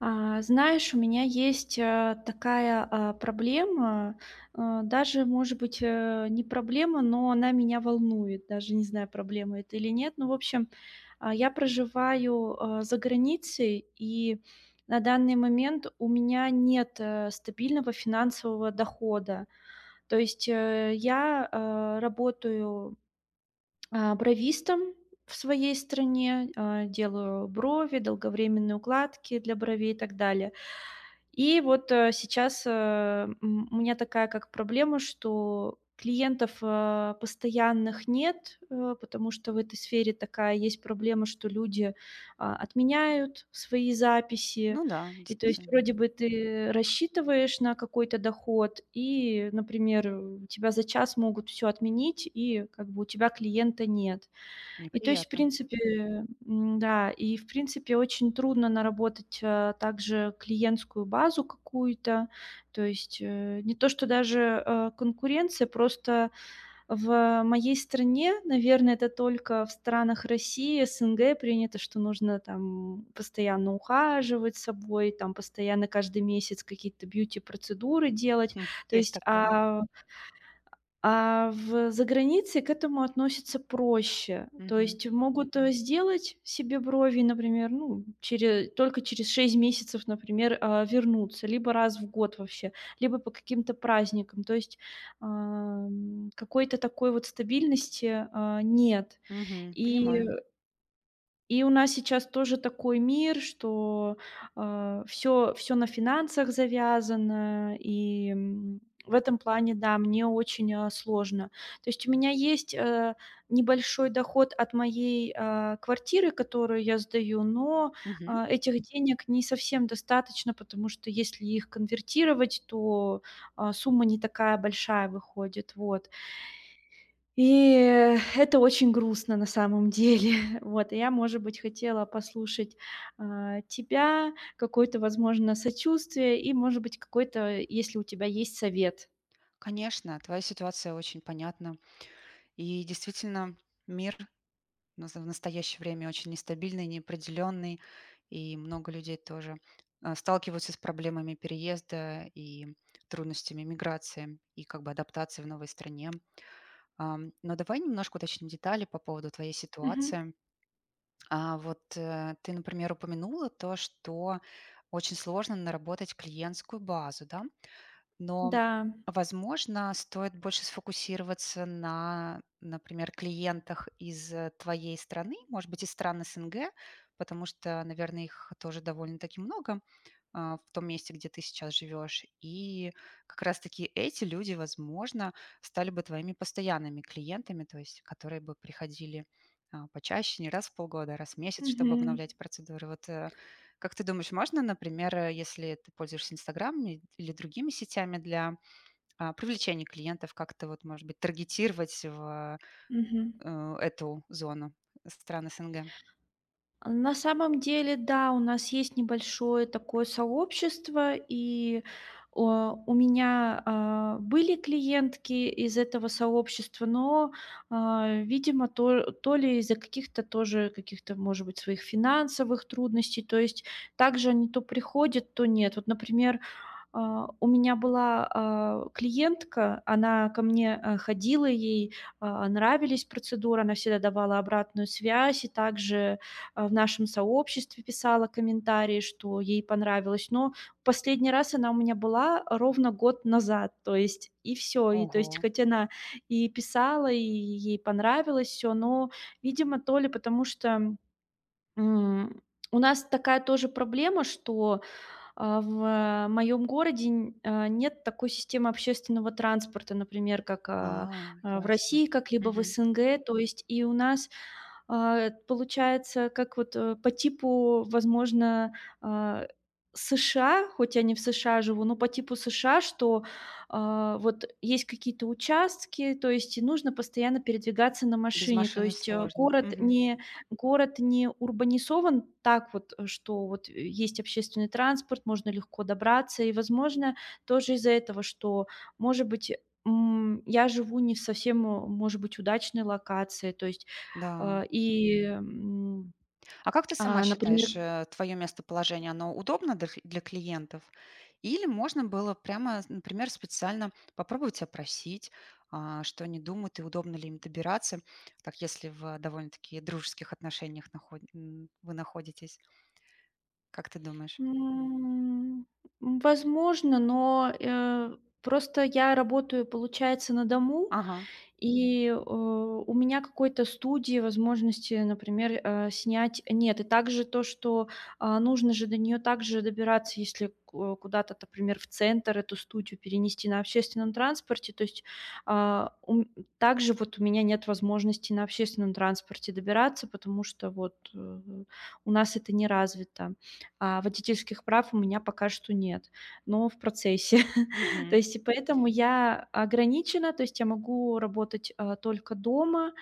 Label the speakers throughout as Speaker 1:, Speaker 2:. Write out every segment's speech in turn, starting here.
Speaker 1: А знаешь, у меня есть, э, такая, а, проблема. Э, даже, может быть, э, не проблема, но она меня волнует. Даже не знаю, проблема это или нет. Ну, в общем, а, я проживаю, э, за границей, и на данный момент у меня нет, э, стабильного финансового дохода. То есть, э, я, э, работаю, а, бровистом в своей стране, э, делаю брови, долговременные укладки для бровей и так далее. И вот, э, сейчас, э, м, у меня такая как проблема, что клиентов, а, постоянных нет, э, потому что в этой сфере такая есть проблема, что люди, а, отменяют свои записи.
Speaker 2: Ну да,
Speaker 1: И то есть
Speaker 2: действительно.
Speaker 1: вроде бы ты рассчитываешь на какой-то доход и, например, у тебя за час могут всё отменить, и как бы у тебя клиента нет. И то есть, в
Speaker 2: Неприятно.
Speaker 1: принципе м-да. И, в принципе, очень трудно наработать, э, также клиентскую базу какую-то. То есть, э, не то что даже, э, конкуренция, просто в моей стране, наверное, это только в странах России, СНГ принято, что нужно, там, постоянно ухаживать собой, там, постоянно каждый месяц какие-то бьюти-процедуры делать.
Speaker 2: Хм,
Speaker 1: То
Speaker 2: есть
Speaker 1: есть,
Speaker 2: такое.
Speaker 1: а, а в загранице к этому относятся проще. То
Speaker 2: Мгм.
Speaker 1: есть могут, э, сделать себе брови, и, например, ну, чере только через 6 месяцев, например, э, вернуться либо раз в год вообще, либо по каким-то праздникам. То есть, ам, какой-то такой вот стабильности, а, нет.
Speaker 2: Мгм,
Speaker 1: И, э
Speaker 2: понимаю.
Speaker 1: и у нас сейчас тоже такой мир, что, э, всё всё на финансах завязано. И, м, в этом плане, да, мне очень, э, сложно. То есть у меня есть, э, небольшой доход от моей, а, квартиры, которую я сдаю, но,
Speaker 2: Мгм.
Speaker 1: а, этих денег не совсем достаточно, потому что если их конвертировать, то, а, сумма не такая большая выходит. Вот. И, э, это очень грустно, на самом деле. Вот, и я, может быть, хотела послушать, э, тебя, какое-то, возможно, сочувствие и, может быть, какой-то, если у тебя есть, совет.
Speaker 2: Конечно, твоя ситуация очень понятна. И действительно, мир в наза в настоящее время очень нестабильный, неопределённый, и много людей тоже, э, сталкиваются с проблемами переезда и трудностями эмиграции и как бы адаптации в новой стране. Ам, но давай немножко уточним детали по поводу твоей
Speaker 1: Мгм.
Speaker 2: ситуации. А, вот, э, ты, например, упомянула то, что очень сложно наработать клиентскую базу, да? Но,
Speaker 1: Да.
Speaker 2: возможно, стоит больше сфокусироваться на, например, клиентах из, э, твоей страны, может быть, из стран СНГ. Потому что, наверно, их тоже довольно-таки много, а, в том месте, где ты сейчас живёшь. И как раз-таки эти люди, возможно, стали бы твоими постоянными клиентами, то есть которые бы приходили, а, почаще, не раз в полгода, а раз в месяц, чтобы
Speaker 1: Мгм.
Speaker 2: обновлять процедуры. Вот, э, как ты думаешь, можно, например, э, если ты пользуешься "Инстаграмами" или другими сетями для, а, привлечения клиентов, как-то вот, может быть, таргетировать в, э,
Speaker 1: Мгм.
Speaker 2: э, эту зону стран СНГ?
Speaker 1: А, на самом деле, да, у нас есть небольшое такое сообщество, и, о, у меня, а, были клиентки из этого сообщества, но, а, видимо, то то ли из-за каких-то тоже, каких-то, может быть, своих финансовых трудностей, то есть также они то приходят, то нет. Вот, например, а, у меня была, а, клиентка, она ко мне, а, ходила, ей, а, нравились процедуры, она всегда давала обратную связь и также, э, в нашем сообществе писала комментарии, что ей понравилось. Но в последний раз она у меня была, э, ровно год назад. То есть и всё. И то есть,
Speaker 2: Ого.
Speaker 1: хоть она и писала, и е ей понравилось всё, но, видимо, то ли потому что, м, у нас такая тоже проблема, что, а, в, э, моём городе нь э, нет такой системы общественного транспорта, например, как, а,
Speaker 2: А,
Speaker 1: а в
Speaker 2: ясно.
Speaker 1: России, как-либо в
Speaker 2: Мгм.
Speaker 1: СНГ. То есть и у нас, а, эт получается, как вот, э, по типу, возможно, а, США, хоть я не в США живу, но по типу США. Что, а, вот есть какие-то участки, то есть и нужно постоянно передвигаться на
Speaker 2: Без
Speaker 1: машине, то
Speaker 2: машины
Speaker 1: есть а
Speaker 2: сложно.
Speaker 1: город
Speaker 2: Мгм.
Speaker 1: не город не урбанизован так вот, э, что вот и есть общественный транспорт, можно легко добраться и, возможно, тоже из-за этого, что, может быть, м, я живу не совсем, м, может быть, удачной локации, то есть,
Speaker 2: Да.
Speaker 1: а, и, м.
Speaker 2: А как ты
Speaker 1: А,
Speaker 2: сама
Speaker 1: например
Speaker 2: считаешь, э, твоё местоположение, оно удобно дох для клиентов? Или можно было прямо, с например, специально попробовать опросить, а, что они думают и удобно ли им добираться, так, если в, э, довольно-таки дружеских отношениях нахо м, вы находитесь. Как ты думаешь?
Speaker 1: М, возможно, но, э, просто я работаю, получается, на дому.
Speaker 2: Ага.
Speaker 1: И, э, у меня какой-то студии, возможности, например, э, снять нет. И также то, что, а, нужно же до неё также добираться, если ко куда-то, например, в центр эту студию перенести на общественном транспорте. То есть, а, у м также вот у меня нет возможности на общественном транспорте добираться, потому что вот, э, у нас это не развито. А водительских прав у меня пока что нет, но в процессе. То
Speaker 2: Мгм.
Speaker 1: есть, и поэтому я ограничена. То есть, я могу работать, э, только дома,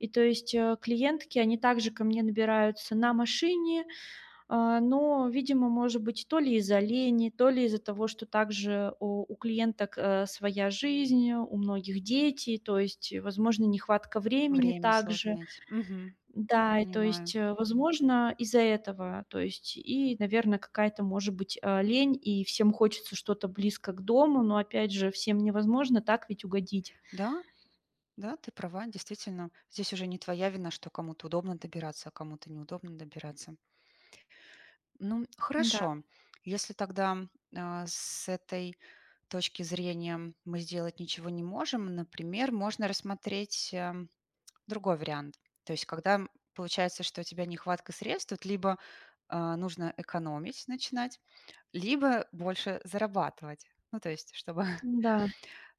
Speaker 1: и, то есть, э, клиентки, они также ко мне добираются на машине. Э, но, видимо, может быть, то ли из-за лени, то ли из-за того, что также у у клиенток, э, своя жизнь, у многих дети, то есть, и, возможно, нехватка времени
Speaker 2: Время сложно
Speaker 1: также.
Speaker 2: найти. Мгм.
Speaker 1: Да. И, то
Speaker 2: Понимаю.
Speaker 1: есть, э, возможно, из-за этого, то есть, и, наверно, какая-то, может быть, а, лень, и всем хочется что-то близко к дому. Но опять же, всем невозможно так ведь угодить.
Speaker 2: Да? Да, ты права. Действительно, здесь уже не твоя вина, что кому-то удобно добираться, а кому-то неудобно добираться. Ну, м,
Speaker 1: М-да.
Speaker 2: хорошо, если тогда, а, с этой точки зрения, мы сделать ничего не можем, например, можно рассмотреть, э, другой вариант. То есть, когда, м, получается, что у тебя нехватка средств, тут либо, э, нужно экономить начинать, либо больше зарабатывать. Ну, то есть чтобы
Speaker 1: М-да.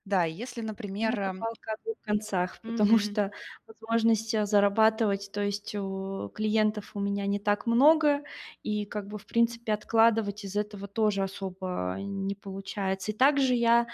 Speaker 2: Да, и если,
Speaker 1: Ну, это
Speaker 2: например
Speaker 1: палка о 2 концах, потому
Speaker 2: Мгм.
Speaker 1: что возможности зарабатывать, то есть у клиентов у меня не так много, и, как бы, в принципе, откладывать из этого тоже особо не получается. И также я,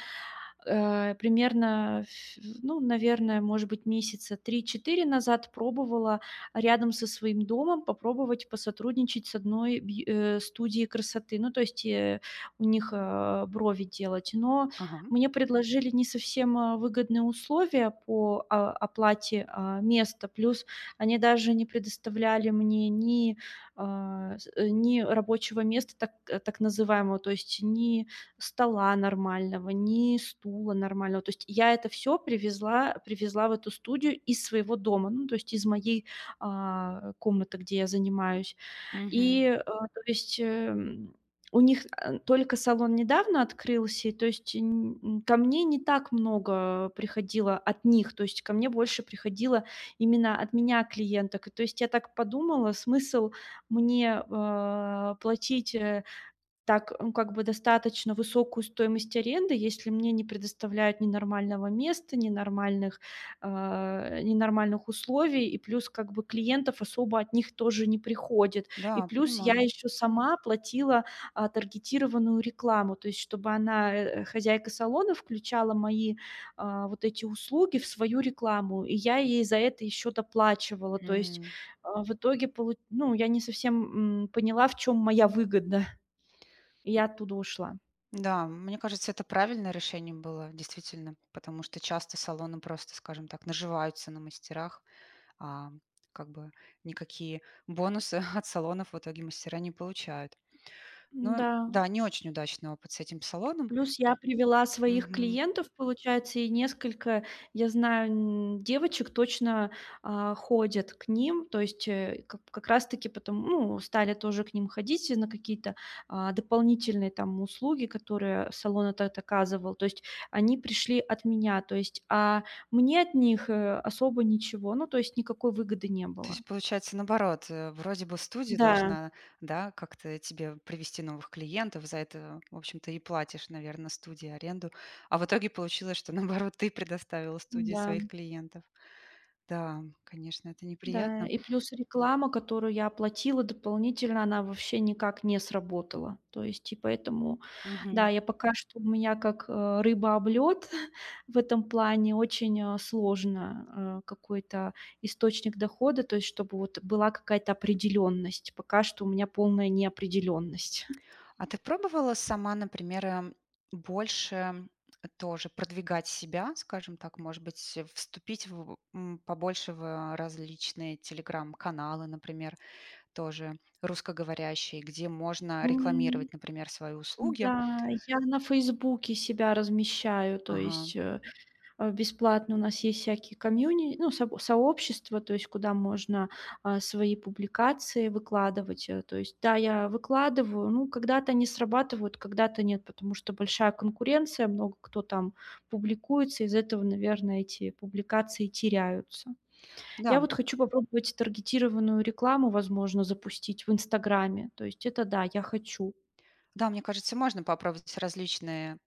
Speaker 1: э, примерно, ф ну, наверно, может быть, месяца 3-4 назад пробовала, а, рядом со своим домом попробовать посотрудничать с одной бьй э, студией красоты. Ну, то есть, э, у них, э, брови делать. Но
Speaker 2: Ага, м.
Speaker 1: мне предложили не совсем, э, выгодные, а, условия по, а, оплате, э, места. Плюс они даже не предоставляли мне ни, а, с ни рабочего места, так, э, так называемого, то есть ни стола нормального, ни стула нормального. То есть я это всё привезла привезла в эту студию из своего дома, ну, то есть из моей, а, комнаты, где я занимаюсь.
Speaker 2: Мгм.
Speaker 1: И, э, то есть, эм, у них ан только салон недавно открылся, и, то есть, нь нь ко мне не так много приходило от них, то есть ко мне больше приходило именно от меня клиенток. И то есть я так подумала: смысл мне, э, платить, э, так, ну, как бы, достаточно высокую стоимость аренды, если мне не предоставляют ни нормального места, ни нормальных, э, ни нормальных условий? И плюс, как бы, клиентов особо от них тоже не приходит. И
Speaker 2: Да,
Speaker 1: плюс я
Speaker 2: понимаю.
Speaker 1: ещё сама платила, а, таргетированную рекламу, то есть чтобы она, э, хозяйка салона, включала мои, э, вот эти услуги в свою рекламу, и я ей за это ещё доплачивала. То есть,
Speaker 2: М.
Speaker 1: э, в итоге полу ну, я не совсем, м, поняла, в чём моя выгода, и я оттуда ушла.
Speaker 2: Да, м, мне кажется, это правильное решение было действительно. Потому что часто салоны просто, скажем так, наживаются на мастерах, а, как бы, никакие бонусы от салонов в итоге мастера не получают. Ну
Speaker 1: М-да.
Speaker 2: да, не очень удачный опыт с этим салоном.
Speaker 1: Плюс я привела своих
Speaker 2: Мгм.
Speaker 1: клиентов, получается, и несколько я знаю, м, девочек точно, э, ходят к ним. То есть, э, как как раз таки потом, ну, стали тоже к ним ходить на какие-то, а, дополнительные, там, услуги, которые салон этот оказывал. То есть они пришли от меня, то есть, а мне от них, э, особо ничего, ну, то есть никакой выгоды не
Speaker 2: То
Speaker 1: было.
Speaker 2: есть получается наоборот, э, вроде бы студия
Speaker 1: Да.
Speaker 2: должна, да, как-то тебе привести новых клиентов. За это, в общем-то, и платишь, наверно, студии аренду. А в итоге получилось, что, наоборот, ты предоставила студии
Speaker 1: Да.
Speaker 2: своих клиентов. Да, конечно, это
Speaker 1: Да.
Speaker 2: неприятно.
Speaker 1: И плюс реклама, которую я оплатила дополнительно, она вообще никак не сработала. То есть и поэтому, да,
Speaker 2: Мгм.
Speaker 1: я пока что у меня как, э, рыба об лёд в этом плане очень, э, сложно, э, какой-то источник дохода, то есть чтобы вот была какая-то определенность. Пока что у меня полная неопределенность.
Speaker 2: А ты пробовала сама, например, э, больше тоже продвигать себя, скажем так, может быть, э, вступить в, м, побольше в э, различные телеграм-каналы, например, тоже русскоговорящие, где можно
Speaker 1: М.
Speaker 2: рекламировать, например, свои услуги?
Speaker 1: М-да, я на "Фейсбуке" себя размещаю, то
Speaker 2: Ага.
Speaker 1: есть, э, э, бесплатно. У нас есть всякие комьюни ну, соб сообщества, то есть куда можно, а, свои публикации выкладывать. Э, то есть, да, я выкладываю, ну, когда-то они срабатывают, когда-то нет, потому что большая конкуренция, много кто там публикуется. Из-за этого, наверное, эти публикации теряются. Я
Speaker 2: Да.
Speaker 1: вот хочу попробовать таргетированную рекламу, возможно, запустить в "Инстаграме". То есть это да, я хочу.
Speaker 2: Да, мне кажется, можно попробовать различные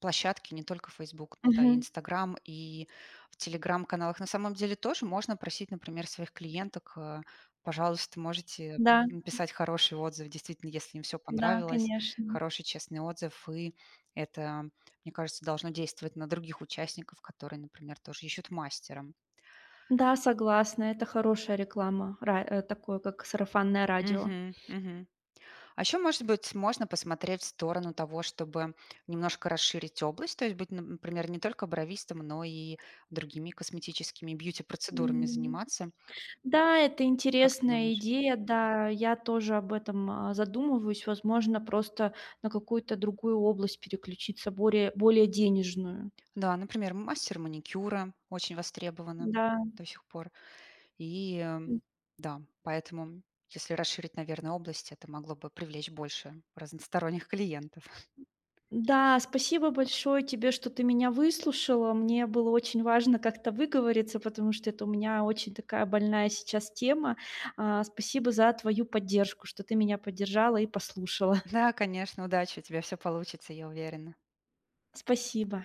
Speaker 2: площадки, не только "Фейсбук", но да, и
Speaker 1: Мгм.
Speaker 2: "Инстаграм", и в телеграм-каналах. На самом деле тоже можно просить, например, своих клиенток э: "Пожалуйста, можете
Speaker 1: Да.
Speaker 2: написать хороший отзыв". Действительно, если им всё
Speaker 1: Да,
Speaker 2: понравилось.
Speaker 1: конечно.
Speaker 2: Хороший, честный отзыв. И это, мне кажется, должно действовать на других участников, которые, например, тоже ищут мастера.
Speaker 1: Да, согласна. Это хорошая реклама, ра э, такое, как сарафанное радио.
Speaker 2: Мгм, мгм. А ещё, может быть, можно посмотреть в сторону того, чтобы немножко расширить область. То есть быть, н например, не только бровистом, но и другими косметическими бьюти-процедурами
Speaker 1: М,
Speaker 2: заниматься.
Speaker 1: да, это
Speaker 2: Как ты
Speaker 1: интересная
Speaker 2: думаешь?
Speaker 1: идея. Да, я тоже об этом, а, задумываюсь. Возможно, просто на какую-то другую область переключиться более, более денежную.
Speaker 2: Да, например, мастер маникюра очень востребовано
Speaker 1: Да.
Speaker 2: до сих пор. И, э, м,
Speaker 1: М.
Speaker 2: да. Поэтому если расширить, наверно, область, это могло бы привлечь больше разносторонних клиентов.
Speaker 1: М-да. Спасибо большое тебе, что ты меня выслушала. Мне было очень важно как-то выговориться, потому что это у меня очень такая больная сейчас тема. А, спасибо за твою поддержку, что ты меня поддержала и послушала.
Speaker 2: Да, конечно. Удачи! У тебя всё получится, я уверена.
Speaker 1: Спасибо.